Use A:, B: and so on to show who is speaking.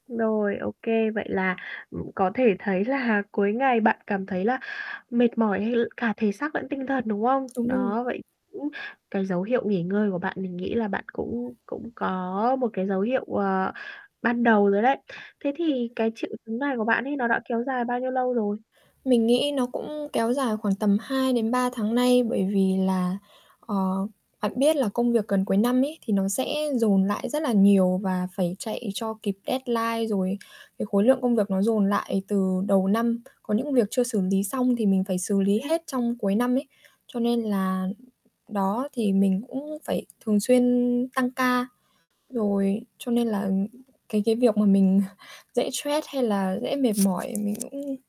A: Rồi, ô kê, vậy là, ừm, có thể thấy là cuối ngày bạn cảm thấy là mệt mỏi, hay l cả thể xác lẫn tinh thần, đúng hông?
B: Đúng rồi.
A: Đó, vậy cũng cái dấu hiệu nghỉ ngơi của bạn mình nghĩ là bạn cũng cũng có một cái dấu hiệu, ờ, ban đầu rồi đấy. Thế thì
B: [unintelligible]
A: cái triệu chứng này của bạn ấy nó đã kéo dài bao nhiêu lâu rồi?
B: Mình nghĩ nó cũng kéo dài khoảng tầm 2 đến 3 tháng nay, bởi vì là, ờ, bạn biết là công việc gần cuối năm ấy thì nó sẽ dồn lại rất là nhiều và phải chạy cho kịp deadline, rồi cái khối lượng công việc nó dồn lại từ đầu năm. Có những việc chưa xử lý xong thì mình phải xử lý
A: Ừm.
B: hết trong cuối năm ấy. Cho nên là đó thì mình cũng phải thường xuyên tăng ca, rồi cho nên là, ừm, cái cái việc mà mình dễ stress, hay là dễ mệt mỏi mình cũng